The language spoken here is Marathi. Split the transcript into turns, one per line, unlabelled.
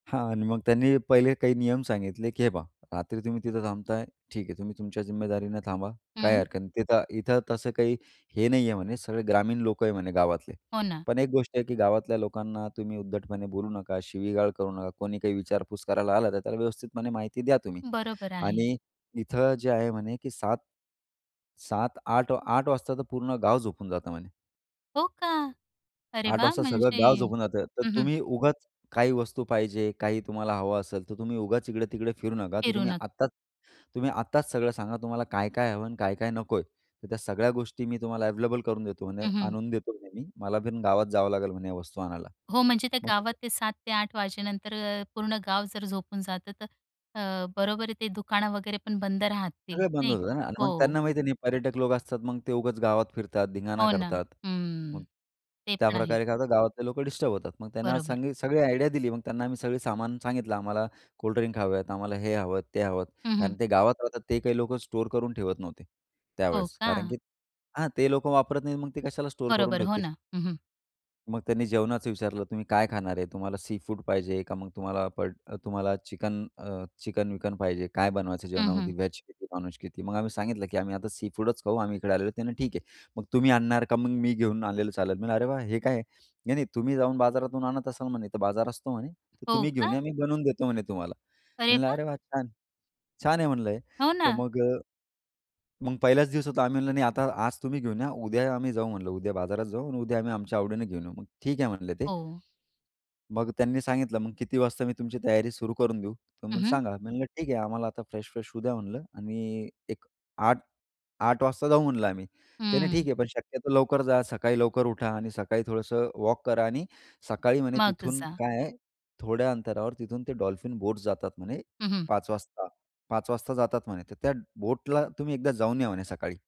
हां आणि मग त्यांनी पहिले काही नियम सांगितले, की हे पहा, "रात्री तुम्ही तिथं थांबताय, ठीक आहे. तुम्ही तुमच्या जिम्मेदारीने थांबा. काही
हं.
हरकत नाही तिथं इथं तसं काही हे नाही आहे" म्हणे, सगळे ग्रामीण लोकं आहेत म्हणे गावातले.
हो ना.
पण एक गोष्ट आहे की गावातल्या लोकांना तुम्ही उद्धटपणे बोलू नका, शिवीगाळ करू नका. कोणी काही विचारपूस करायला आला तर, त्याला व्यवस्थितपणे माहिती द्या तुम्ही
बरोबर आहे.
आणि इथं जे आहे म्हणे, की 7-7 8-8 वाजता तर पूर्ण गाव झोपून जातं म्हणे.
हो का? अरे
8
वाह!
वाजता सगळं
म्हणजे
गाव झोपून जातं, तर
हं, हं.
तुम्ही उगाच काही वस्तू पाहिजे, काही तुम्हाला हवं असेल, तर तुम्ही उगाच इकडे-तिकडे फिरू नका. तर
फिरू
तुम्ही
नका.
आत्ताच तुम्ही आत्ताच सगळं सांगा, तुम्हाला काय-काय हवं आणि काय-काय नकोय, तर त्या सगळ्या गोष्टी मी तुम्हाला अव्हेलेबल करून देतो म्हणे,
हं, हं.
आणून देतो म्हणे मी. मला पण गावात जावं लागेल म्हणे वस्तू आणायला.
हो, म्हणजे त्या
मग
गावात
देतो.
ते 7 ते 8 वाजेनंतर अ, पूर्ण गाव जर झोपून जातं, तर अ, बरोबर ते दुकान वगैरे पण बंद राहतील,
सगळं बंद
नाही का?
होतं ना आणि मग
हो.
त्यांना माहिती नाही, पर्यटक लोक असतात, मग ते उगाच गावात फिरतात, धिंगाणा
हो ना,
करतात.
हं,
मग
ते पण आहे.
त्याप्रकारे काय होतं, गावातले लोकं डिस्टर्ब होतात. मग
बरोबर.
त्यांनी सगळी आयडिया दिली. मग त्यांना आम्ही सगळं सामान सांगितलं, आम्हाला कोल्ड ड्रिंक हवे आहेत, आम्हाला हे हवं, ते हवं
हं,
कारण
हं.
ते गावात राहतात, ते काही लोकं स्टोअर करून ठेवत नव्हते
हो
त्यावेळेस कारण,
का?
की हां, ते लोक वापरत नाहीत, मग ते कशाला स्टोअर करून
बरोबर, हो
ठेवतील?
ना. हं, हं.
मग त्यांनी जेवणाचं विचारलं, तुम्ही काय खाणार आहे? तुम्हाला सीफूड पाहिजे का मग तुम्हाला प तुम्हाला चिकन अ, चिकन-विकन पाहिजे? काय बनवायचं
हं, हं.
जेवणामध्ये? व्हेज किती, नॉनव्हेज किती? मग आम्ही सांगितलं, की आम्ही आता सीफूडच खाऊ आम्ही इकडे आलेलो ते. ठीक आहे, मग तुम्ही आणणार का? मग मी घेऊन आलेलं चालेल. म्हणलं, अरे वाह! हे काय आहे? नाही नाही, तुम्ही जाऊन बाजारातून आणत असाल म्हणे. तर बाजार असतो म्हणे, तर
हो
तुम्ही घेऊन
का?
या. मी बनवून देतो म्हणे तुम्हाला.
अरे
म्हणलं,
वा!
अरे वाह, छान. छान आहे म्हणलं हे.
हो
तर
ना.
मग मग पहिलाच दिवस होता. आम्ही म्हणलं नाही आता आज तुम्ही घेऊन या, उद्या आम्ही जाऊ. म्हटलं उद्या बाजारात जाऊ आणि उद्या आम्ही आमच्या आवडीने घेऊन येऊ. मग ठीक आहे म्हणले ते.
हो.
मग त्यांनी सांगितलं, मग किती वाजता मी तुमची तयारी सुरू करून देऊ?
हं,
तर
हं.
सांगा. मी म्हटलं, ठीक आहे, आम्हाला आता फ्रेश फ्रेश होऊ द्या म्हटलं आणि एक 8-8 वाजता जाऊ म्हटलं आम्ही. त्याने, ठीक
हं.
आहे. पण शक्यतो लवकर जा. सकाळी लवकर उठा आणि सकाळी थोडंसं वॉक करा आणि सकाळी म्हणे
माग
तिथून
जा.
काय आहे, थोड्या अंतरावर तिथून ते डॉल्फिन बोट्स जातात म्हणे
हं, हं.
5 वाजता, 5 वाजता जातात म्हणे. तर त्या बोटला तुम्ही एकदा जाऊन या म्हणे सकाळी.